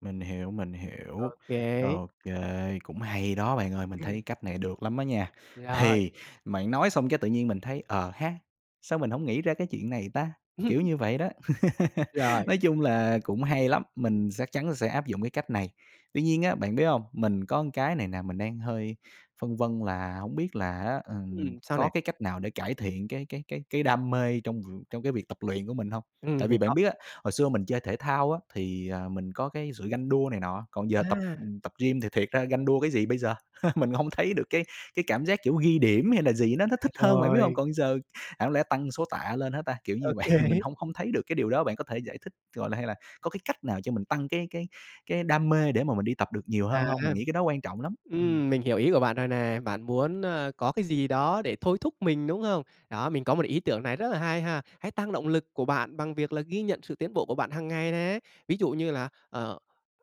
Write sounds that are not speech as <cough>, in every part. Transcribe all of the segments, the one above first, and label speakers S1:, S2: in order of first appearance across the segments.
S1: Mình hiểu, mình
S2: Ô
S1: hiểu,
S2: kê.
S1: ô kê, cũng hay đó bạn ơi, mình
S2: Ừm.
S1: thấy cách này được lắm á nha.
S2: Rồi.
S1: Thì bạn nói xong cái tự nhiên mình thấy "Ờ ha, sao mình hổng nghĩ ra cái chuyện này ta?", kiểu
S2: <laughs>
S1: như vậy đó. <laughs>
S2: Rồi.
S1: Nói chung là cũng hay lắm, mình sắc chắn sẽ áp dụng cái cách này. Tuy nhiên á, bạn biết hông, mình có cái này nè mình đang hơi phân vân là hông biết là á, ờ,
S2: Ừm, sao
S1: có
S2: nè?
S1: cái cách nào để cải thiện cái cái cái cái đam mê trong v trong cái việc tập luyện của mình hông?
S2: Ừm,
S1: Tại
S2: mình
S1: vì
S2: có.
S1: bạn biết á, hồi xưa mình chơi thể thao á, thì, ờ, mình có cái sự ganh đua này nọ, còn giờ tập
S2: À!
S1: tập gym thì thiệt ra ganh đua cái gì bây giờ? <laughs> Mình hông thấy được cái cái cảm giác, kiểu, ghi điểm hay là gì nó nó
S2: À,
S1: thích hơn, bạn biết hông?
S2: rồi.
S1: Còn giờ chẳng lẽ tăng số tạ lên hả ta, kiểu
S2: Ô
S1: như vậy, mình
S2: kê.
S1: hông hông thấy được cái điều đó bạn có thể giải thích, gọi là, hay là có cái cách nào cho mình tăng cái cái cái đam mê để mà mình đi tập được nhiều hơn
S2: À.
S1: hông? Mình nghĩ cái đó quan trọng lắm. Ừm.
S2: Ừm, mình hiểu ý của bạn rồi nè. Bạn muốn, ơ, có cái gì đó để thôi thúc mình, đúng không? Đó, mình có một ý tưởng này rất là hay ha, hãy tăng động lực của bạn bằng việc là ghi nhận sự tiến bộ của bạn hàng ngày nè, ví dụ như là, ờ,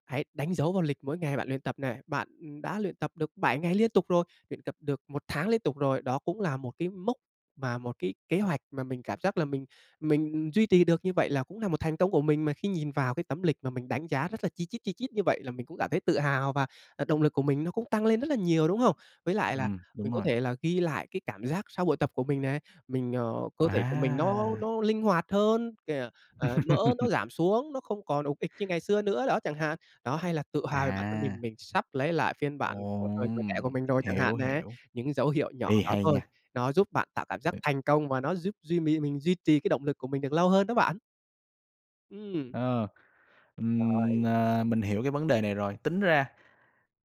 S2: hãy đánh dấu vào lịch mỗi ngày bạn luyện tập này, bạn đã luyện tập được 7 ngày liên tục rồi, luyện tập được 1 tháng liên tục rồi, đó cũng là một cái mốc mà một cái kế hoạch mà mình cảm giác là mình mình duy trì được như vậy là cũng là một thành công của mình mà khi nhìn vào cái tấm lịch mà mình đánh giá rất là chi chít, chi chít như vậy là mình cũng cảm thấy tự hào, và, à, động lực của mình nó cũng tăng lên rất là nhiều, đúng không? Với lại là
S1: Ừm,
S2: mình
S1: đúng
S2: có
S1: rồi.
S2: thể là ghi lại cái cảm giác sau buổi tập của mình này, mình ờ, cơ thể của mình nó
S1: À!
S2: nó linh hoạt hơn, <unintelligible> ờ, mỡ nó
S1: <laughs>
S2: giảm xuống, nó không còn ục ịch như ngày xưa nữa, đó, chẳng hạn. Đó, hay là tự hào về bản thân mình,
S1: À!
S2: mình sắp lấy lại phiên bản của thời tuổi trẻ
S1: Ồm,
S2: của mình rồi chẳng hạn
S1: hiểu,
S2: nè,
S1: hiểu.
S2: những dấu hiệu nhỏ
S1: Ê,
S2: đó
S1: hay
S2: thôi,
S1: nha.
S2: nó giúp bạn tạo cảm giác thành công và nó giúp duy mì mình duy trì cái động lực của mình được lâu hơn đó bạn. Ừm.
S1: Ờ, ừm,
S2: Rồi.
S1: ờ, mình hiểu cái vấn đề này rồi, tính ra,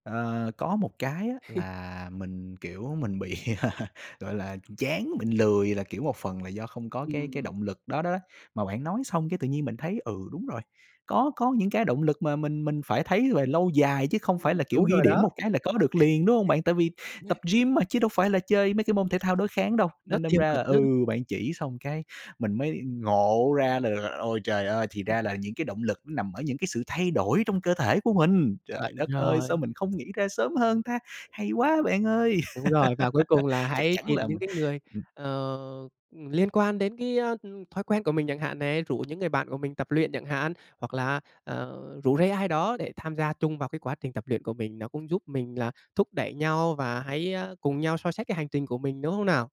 S1: ờ, có một cái á
S2: <laughs>
S1: là mình, kiểu, mình bị <laughs> gọi là, chán, mình lười là, kiểu, một phần là do không có cái cái
S2: Ừm.
S1: động lực đó đó, mà bạn nói xong cái tự nhiên mình thấy, ừ, đúng rồi, có có những cái động lực mà mình mình phải thấy về lâu dài chứ không phải
S2: Ừm,
S1: là, kiểu,
S2: đúng
S1: ghi
S2: rồi
S1: điểm
S2: đó.
S1: một cái là có được liền, đúng hông bạn? Tại vì tập
S2: <laughs>
S1: gym mà chứ đâu phải là chơi mấy cái môn thể thao đối kháng đâu,
S2: Nó
S1: nên đâm
S2: tiềm ẩn
S1: ra là, ừ,
S2: <unintelligible>
S1: bạn chỉ xong cái mình mới ngộ ra là ôi trời ơi, thì ra là những cái động lực nằm ở những cái sự thay đổi trong cơ thể của mình. Trời
S2: Chuẩn
S1: đất ơi, sao
S2: ồi.
S1: mình không nghĩ ra sớm hơn ta? Hay quá bạn ơi.
S2: Đúng rồi, và cuối cùng là
S1: <laughs> Chắc
S2: hãy
S1: chắn
S2: tìm
S1: là
S2: những
S1: mình
S2: cái người,
S1: ừm.
S2: ờ, liên quan đến cái, a, thói quen của mình chẳng hạn này, rủ những người bạn của mình tập luyện chẳng hạn, hoặc là, ờ, rủ rê ai đó để tham gia chung vào cái quá trình tập luyện của mình, nó cũng giúp mình là thúc đẩy nhau và hãy, a, cùng nhau soi sách cái hành trình của mình, đúng không nào?